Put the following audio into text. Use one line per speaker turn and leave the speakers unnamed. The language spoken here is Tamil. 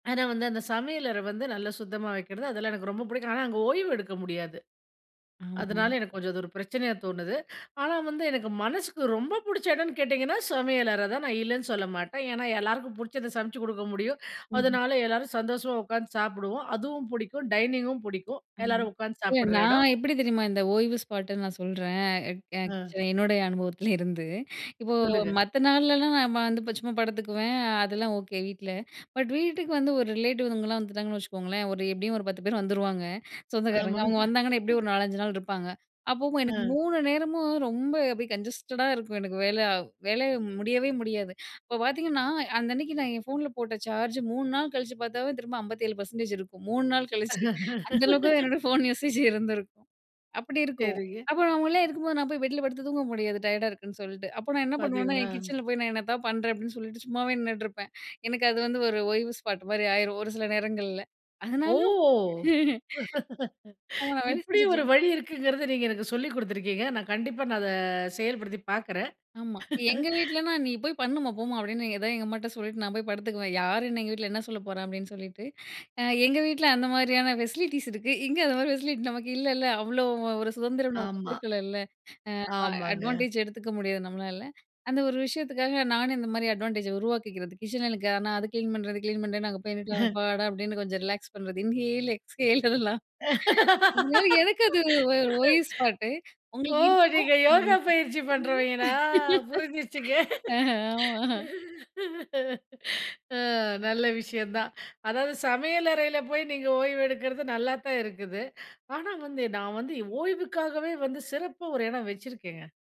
ஆனா வந்து அந்த சமையலற வந்து நல்லா சுத்தமா வைக்கிறது அதெல்லாம், எனக்கு ரொம்ப பிடிக்கும். ஆனா அங்க ஓய்வு எடுக்க முடியாது.
ம்
அதனால
ம்.
எனக்கு கொஞ்சம் ஒரு பிரச்சனையா தோணுது, ஆனா வந்து எனக்கு மனசுக்கு ரொம்ப புடிச்ச எடம்னு கேட்டிங்கன்னா சமையலறதான், நான் இல்லன்னு சொல்ல மாட்டேன். ஏன்னா எல்லாருக்கும் புடிச்சத சமச்சு குடுக்க முடியும்,
ம்ஹ்ம்.
அதனால எல்லாரும் சந்தோசமா உக்காந்து சாப்டுவோம். அதுவும் புடிக்கும், டைனிங்கும் பிடிக்கும்,
ம்.
எல்லாரும் உட்கார்ந்து
ஏன்
சாப்புடுற எடம்.
நான் எப்டி தெரியுமா இந்த ஓய்வு ஸ்பாட்ன்னு நான் சொல்றேன்? க
அ.
எ என்னோடைய அனுபவத்துலேருந்து இப்போ
சொல்லுங்க.
மத்த நாள்லலாம் நான் வந்து இப்ப சும்மா படுத்துக்குவேன், அதெல்லாம் ஓகே வீட்ல. பட் வீட்டுக்கு வந்து ஒரு ரிலேட்டிவ்ங்கலாம் வந்துட்டாங்கன்னு வச்சுக்கோங்களேன், ஒரு எப்டியும் ஒரு 10 பேர் வந்துருவாங்க,
ஆமா.
சொந்தக்காரங்க அவங்க வந்தாங்கன்னா எப்டியோ ஒரு 4, 5 நாள் இருப்பாங்க. அப்பவும் எனக்கு
அ.
3 நேரமும் ரொம்ப அப்டியே கஞ்சஸ்டடா இருக்கும், எனக்கு வேல வேல முடியவே முடியாது. அப்ப பாத்தீங்கன்னா, அன்னனைக்கு நான் என் போன்ல போட்ட சார்ஜ் 3 நாள் கழிச்சு பாத்தாவே திரும்ப 57% இருக்கும். 3 நாள் கழிச்சு, அந்த அளவுக்கு என்னோட போன் யூசேஜ் இருந்திருக்கும். அப்டி இருக்கும்.
சரிங்க.
அப்போ அவங்கள்லாம் உள்ளே இருக்கும்போது நான் போய் பெட்ல படுத்து தூங்க முடியாது டயர்டா இருக்குன்னு சொல்ட்டு. அப்போ நான் என்ன பண்வேன்னா, என்
பாத்தீங்களா.
கிச்சன்ல போய் நான் என்னத்தாவது பண்றேன் அப்டின்னு சொல்லிட்டு சும்மாவே நின்னுட்டுருப்பேன். எனக்கு அது வந்து ஒரு ஓய்வு ஸ்பாட் மாரி ஆயிரும் ஒரு சில நேரங்கள்ல.
ஓ!
அதனால. ஆ நான் வேல
இப்டி ஒரு
செஞ்சுட்ருந்தேன்.
வழி இருக்குங்கறத நீங்க எனக்கு சொல்லிக் குடுத்திருக்கீங்க நான் கண்டிப்பா நான் இத செயல்படுத்தி பாக்றேன்.
ஆமா. எங்க வீட்லன்னா நீ போய் பண்ணுமா, போம்மா அப்டின்னு ஏதா எங்க அம்மாட்ட சொல்லிட்டு நான் போய் படுத்துக்குவேன். யார் என்ன எங்க வீட்ல என்ன சொல்ல போறா? அப்டின்னு சொல்லிட்டு, அ எங்க வீட்ல அந்த மாரியான பெசிலிட்டிஸ் இருக்கு. இங்க அது மாரி பெசிலிட்டி நமக்கு இல்லல. அவ்ளோ ஒரு சுதந்திரம் நமக்கு
ஆமா.
குடுக்கலள்ல. ஆமா
ஆமாங்க.
அட்வான்டேஜ் எடுத்துக்க முடியாது நம்மளால. அந்த ஒரு விஷயத்துக்காக நானும் இந்த மாரி அட்வான்டேஜ் உருவாக்கிக்கிறது. கிச்சன்ல ஆனா அது கிளீன் பண்றது கிளீன் பண்றது, நான் அங்க போய் நின்னுட்டு, அப்பாடா! அப்டின்னு கொஞ்சம் ரிலாக்ஸ் பண்றது. இன்ஹேல், எக்ஸ்ஹேல் இதெல்லாம். அதனால எனக்கு அது ஓய்வு ஸ்பாட்டு,
ஓ!
உங்களுக்கு இருக்குமா?
நீங்க யோகா
[unintelligible]
பயிற்சி பண்றவங்களா புரிஞ்சிருச்சுங்க.
அ ஆமா.
ஆ நல்ல விஷயம்தான். அதாவது சமையலறைல போய் நீங்க ஓய்வு எடுக்குறது நல்லாத்தான் இருக்குது, ஆனா வந்து நான் வந்து ஓய்வுக்காகவே வந்து சிறப்பா ஒரு இடம் வெச்சிருக்கேங்க.